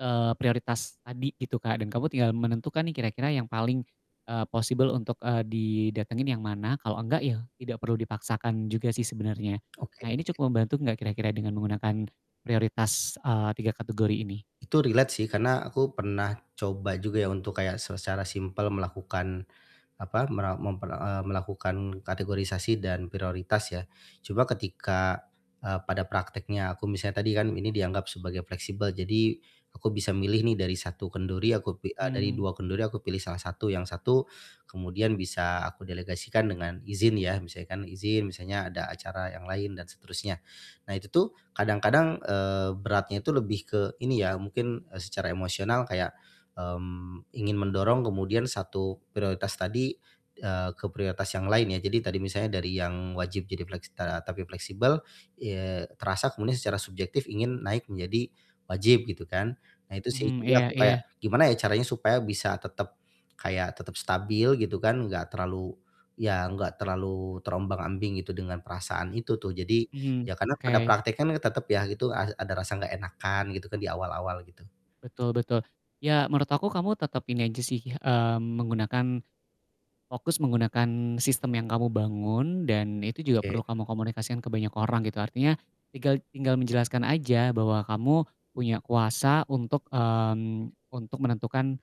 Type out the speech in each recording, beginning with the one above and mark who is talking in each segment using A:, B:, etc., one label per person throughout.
A: Eee, prioritas tadi gitu Kak, dan kamu tinggal menentukan nih kira-kira yang paling, eee, possible, untuk, eee, didatengin yang mana, kalau enggak ya, tidak perlu dipaksakan juga sih sebenernya.
B: Oke
A: Nah, ini
B: oke.
A: cukup membantu gak kira-kira dengan menggunakan prioritas, eee, 3 kategori ini?
B: Itu relate sih, karena aku pernah coba juga ya, untuk kayak se secara simple melakukan, apa, mera memper eee, melakukan kategorisasi dan prioritas ya. Cuma ketika, eee, pada prakteknya aku misalnya tadi kan ini dianggap sebagai fleksibel, jadi aku bisa milih nih dari satu kendori, aku pi eee, dari
A: Hmm.
B: dua kendori aku pilih salah satu yang satu kemudian bisa aku delegasikan dengan izin ya, misalkan izin, misalnya ada acara yang lain dan seterusnya. Nah itu tuh, kadang-kadang, eee, beratnya itu lebih ke, ini ya, mungkin, e secara emosional kayak, mmm, ingin mendorong kemudian satu prioritas tadi, eee, ke prioritas yang lain ya. Jadi tadi misalnya dari yang wajib jadi flek setara tapi fleksibel, eee, terasa kemudian secara subjektif ingin naik menjadi wajib, gitu kan. Nah, itu sih,
A: Mhm,
B: jadi
A: iya
B: aku kayak
A: iya.
B: gimana ya caranya supaya bisa tetep kayak tetep stabil, gitu kan, enggak terlalu ya enggak terlalu terombang-ambing gitu, dengan perasaan itu tuh. Jadi,
A: Mhm.
B: ya karena pada
A: Oke.
B: praktekan tetep ya gitu, a ada rasa enggak enakan gitu kan, di awal-awal, gitu.
A: Betul betul. Ya, Menurut aku, kamu tetep ini aja sih, mmm, menggunakan fokus menggunakan sistem yang kamu bangun dan itu juga
B: Oke.
A: perlu kamu komunikasikan ke banyak orang, gitu. Artinya, tinggal tinggal menjelaskan aja bahwa kamu punya kuasa untuk, mmm, untuk menentukan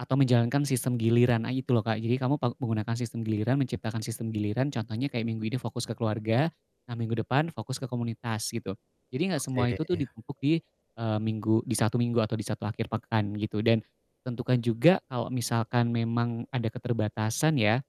A: atau menjalankan sistem giliran, nah itu loh Kak. Jadi kamu pa menggunakan sistem giliran, menciptakan sistem giliran contohnya kayak minggu ini fokus ke keluarga, nah, minggu depan fokus ke komunitas, gitu. Jadi, gak semua itu tuh
B: Oke.
A: ditumpuk di, eee, minggu di satu minggu atau di satu akhir pekan gitu, dan tentukan juga kalau misalkan memang ada keterbatasan ya.